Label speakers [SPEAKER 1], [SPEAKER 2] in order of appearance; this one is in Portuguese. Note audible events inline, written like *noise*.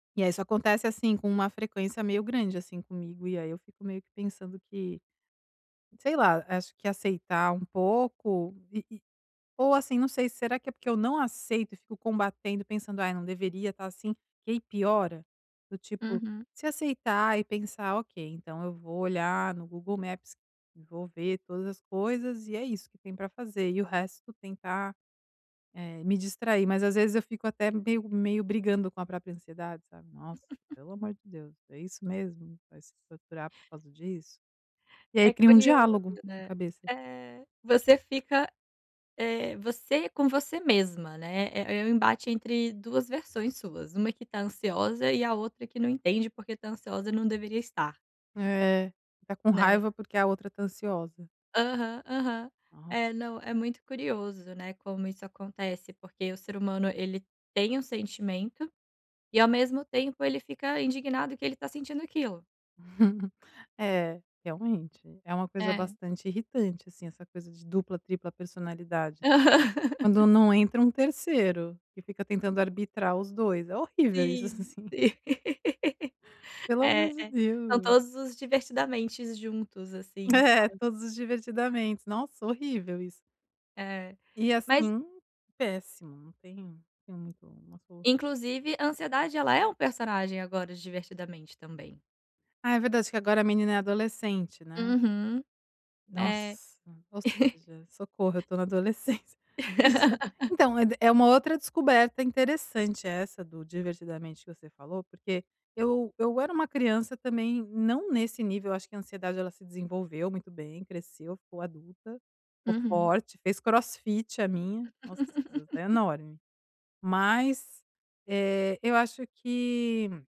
[SPEAKER 1] E aí isso acontece, assim, com uma frequência meio grande, assim, comigo. E aí eu fico meio que pensando que, sei lá, acho que aceitar um pouco, e e ou, assim, não sei, será que é porque eu não aceito e fico combatendo, pensando: "Ai, não deveria estar assim." Que aí piora. Do tipo,
[SPEAKER 2] Uhum.
[SPEAKER 1] se aceitar e pensar: "Ok, então eu vou olhar no Google Maps e vou ver todas as coisas. E é isso que tem para fazer." E o resto, tentar, eh, me distrair. Mas, às vezes, eu fico até meio meio brigando com a própria ansiedade, sabe: "Nossa,
[SPEAKER 2] *laughs*
[SPEAKER 1] pelo amor de Deus, é isso mesmo? Vai se torturar por causa disso?" E aí
[SPEAKER 2] É
[SPEAKER 1] cria um
[SPEAKER 2] curioso,
[SPEAKER 1] diálogo na
[SPEAKER 2] né.
[SPEAKER 1] cabeça.
[SPEAKER 2] Eh, você fica, eh, você com você mesma, né. É é um embate entre duas versões suas, uma que está ansiosa e a outra que não entende porque está ansiosa não deveria estar.
[SPEAKER 1] É, está com
[SPEAKER 2] Né.
[SPEAKER 1] raiva porque a outra está ansiosa.
[SPEAKER 2] Aham, aham,
[SPEAKER 1] Aham.
[SPEAKER 2] eh, não, é muito curioso, né, como isso acontece. Porque o ser humano, ele tem um sentimento e ao mesmo tempo ele fica indignado que ele está sentindo aquilo.
[SPEAKER 1] *chuckles* É, realmente, é uma coisa
[SPEAKER 2] É.
[SPEAKER 1] bastante irritante, assim, essa coisa de dupla, tripla personalidade, né.
[SPEAKER 2] Aham.
[SPEAKER 1] Quando não entra um terceiro, que fica tentando arbitrar os dois, é horrível isso
[SPEAKER 2] Sim.
[SPEAKER 1] assim.
[SPEAKER 2] *laughs*
[SPEAKER 1] Pelo
[SPEAKER 2] É
[SPEAKER 1] amor de
[SPEAKER 2] é, são
[SPEAKER 1] Deus.
[SPEAKER 2] todos os divertidamentes juntos, assim,
[SPEAKER 1] É,
[SPEAKER 2] sabe.
[SPEAKER 1] todos os divertidamente, nossa horrível isso.
[SPEAKER 2] É,
[SPEAKER 1] E
[SPEAKER 2] mas
[SPEAKER 1] assim, péssimo, não tem tem muito umas força ali.
[SPEAKER 2] Inclusive, a ansiedade, ela é um personagem, agora, de "Divertidamente" também.
[SPEAKER 1] Ah, é verdade. Que agora, a menina é adolescente, né.
[SPEAKER 2] Uhum. É.
[SPEAKER 1] Nossa, ou seja, socorro eu
[SPEAKER 2] *chuckles*
[SPEAKER 1] estou na adolescência. Isso,
[SPEAKER 2] *laughs*
[SPEAKER 1] então é é uma outra descoberta interessante essa do divertidamente que você falou, porque eu eu era uma criança também, não nesse nível, eu acho que a ansiedade ela se desenvolveu muito bem, cresceu, ficou adulta, ficou
[SPEAKER 2] Uhum.
[SPEAKER 1] forte, fez CrossFit a minha, nossa *unintelligible*
[SPEAKER 2] *laughs*
[SPEAKER 1] enorme. Mas, eh eu acho que